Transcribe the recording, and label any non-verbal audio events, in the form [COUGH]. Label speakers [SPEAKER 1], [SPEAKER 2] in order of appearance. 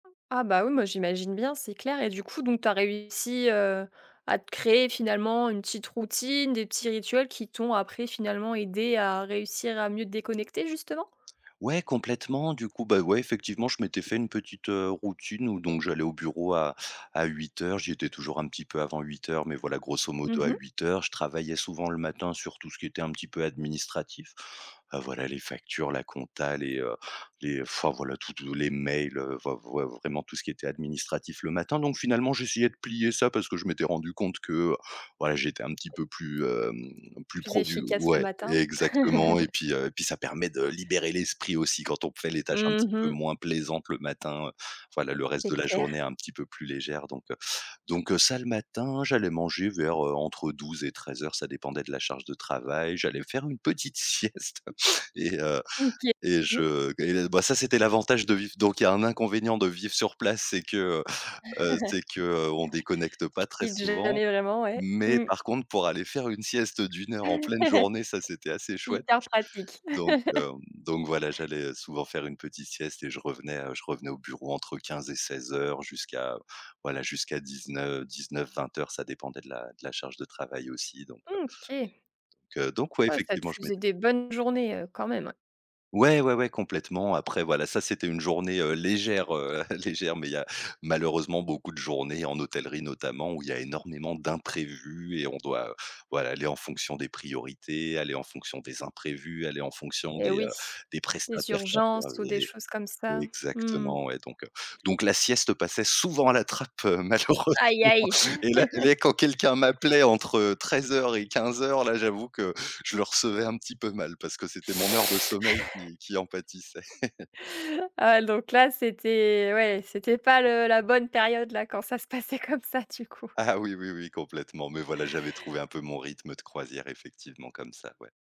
[SPEAKER 1] Ah bah, oui, moi j'imagine bien, c'est clair et du coup, donc tu as réussi, heu, à te créer, finalement, une petite routine, des petits rituels qui t'ont après finalement aidé à réussir à mieux te déconnecter, justement?
[SPEAKER 2] Ouais, complètement, du coup, beh, ouais, effectivement, je m'étais fait une petite, heu, routine où donc j'allais au bureau à à 8:00, j'y étais toujours un petit peu avant 8:00, mais voilà, grosso modo,
[SPEAKER 1] Mmh
[SPEAKER 2] à
[SPEAKER 1] mh.
[SPEAKER 2] 8:00. Je travaillais souvent le matin sur tout ce qui était un petit peu administratif, voilà les factures, la compta, les, heu, les enfin voilà, tous te les mails, heu, v heu, v ouais, vraiment tout ce qui était administratif le matin. Donc finalement, j'essayais de plier ça parce que je m'étais rendu compte que, voilà, j'étais un petit peu plus, hem, plus
[SPEAKER 1] Plus
[SPEAKER 2] produ
[SPEAKER 1] efficace le
[SPEAKER 2] ouais
[SPEAKER 1] matin?
[SPEAKER 2] exactement et
[SPEAKER 1] [CHUCKLES]
[SPEAKER 2] puis, heu et puis ça permet de libérer l'esprit aussi quand on fait les tâches un petit
[SPEAKER 1] Mmh
[SPEAKER 2] peu
[SPEAKER 1] mh.
[SPEAKER 2] moins plaisantes le matin, voilà, le reste de
[SPEAKER 1] C'est
[SPEAKER 2] la journée est
[SPEAKER 1] clair.
[SPEAKER 2] un petit peu plus légère, donc heu, donc heu, ça le matin. J'allais manger vers, heu, entre 12:00 et 13:00, ça dépendait de la charge de travail. J'allais faire une petite sieste et heu
[SPEAKER 1] Ou qui
[SPEAKER 2] et
[SPEAKER 1] mmh.
[SPEAKER 2] je et bah, ça c'était l'avantage de vivre donc il y a un inconvénient de vivre sur place, c'est que, heu, c'est
[SPEAKER 1] [CHUCKLES]
[SPEAKER 2] que, heu, on déconnecte pas
[SPEAKER 1] Tu
[SPEAKER 2] très
[SPEAKER 1] quittes
[SPEAKER 2] souvent
[SPEAKER 1] jamais vraiment, ouais.
[SPEAKER 2] mais
[SPEAKER 1] Mmh.
[SPEAKER 2] par contre pour aller faire une sieste d'1 heure en pleine
[SPEAKER 1] [CHUCKLES]
[SPEAKER 2] journée, ça c'était assez chouette
[SPEAKER 1] Hyper pratique.
[SPEAKER 2] donc
[SPEAKER 1] [CHUCKLES]
[SPEAKER 2] hem, donc voilà, j'allais souvent faire une petite sieste et je revenais, heu, je revenais au bureau entre 15:00 et 16:00 jusqu'à, voilà, jusqu'à 19, 19:00-20:00 ça dépendait de la de la charge de travail aussi donc, heu
[SPEAKER 1] Mmh, OK.
[SPEAKER 2] donc heu, donc ouais,
[SPEAKER 1] Ouais, ça te
[SPEAKER 2] effectivement, je met
[SPEAKER 1] faisait des bonnes journées, heu, quand même ouais.
[SPEAKER 2] Ouais, ouais, ouais, complètement après voilà, ça c'était une journée, heu, légère, heu, [CHUCKLES] légère mais il y a malheureusement beaucoup de journées en hôtellerie notamment où il y a énormément d'imprévus et on doit, voilà, aller en fonction des priorités, aller en fonction des imprévus, aller en fonction
[SPEAKER 1] Et
[SPEAKER 2] des,
[SPEAKER 1] oui.
[SPEAKER 2] heu, des
[SPEAKER 1] Les
[SPEAKER 2] prestataires qui
[SPEAKER 1] urgences ou des
[SPEAKER 2] intervenaient.
[SPEAKER 1] choses comme ça? Mmh.
[SPEAKER 2] Exactement et donc, heu, donc la sieste passait souvent à la trappe, heu, malheureusement
[SPEAKER 1] Aïe aïe.
[SPEAKER 2] et là et
[SPEAKER 1] [CHUCKLES]
[SPEAKER 2] là quand quelqu'un m'appelait entre, heu, 13:00 et 15:00, là j'avoue que je le recevais un petit peu mal parce que c'était mon heure de
[SPEAKER 1] [SUCKS TEETH]
[SPEAKER 2] sommeil qui qui en pâtissait. [CHUCKLES]
[SPEAKER 1] Ah l donc là, c'était ouais, c'était pas le la bonne période là, quand ça se passait comme ça du coup.
[SPEAKER 2] Ah oui, oui, oui, complètement mais voilà, j'avais trouvé un peu mon rythme de croisière, effectivement, comme ça, ouais.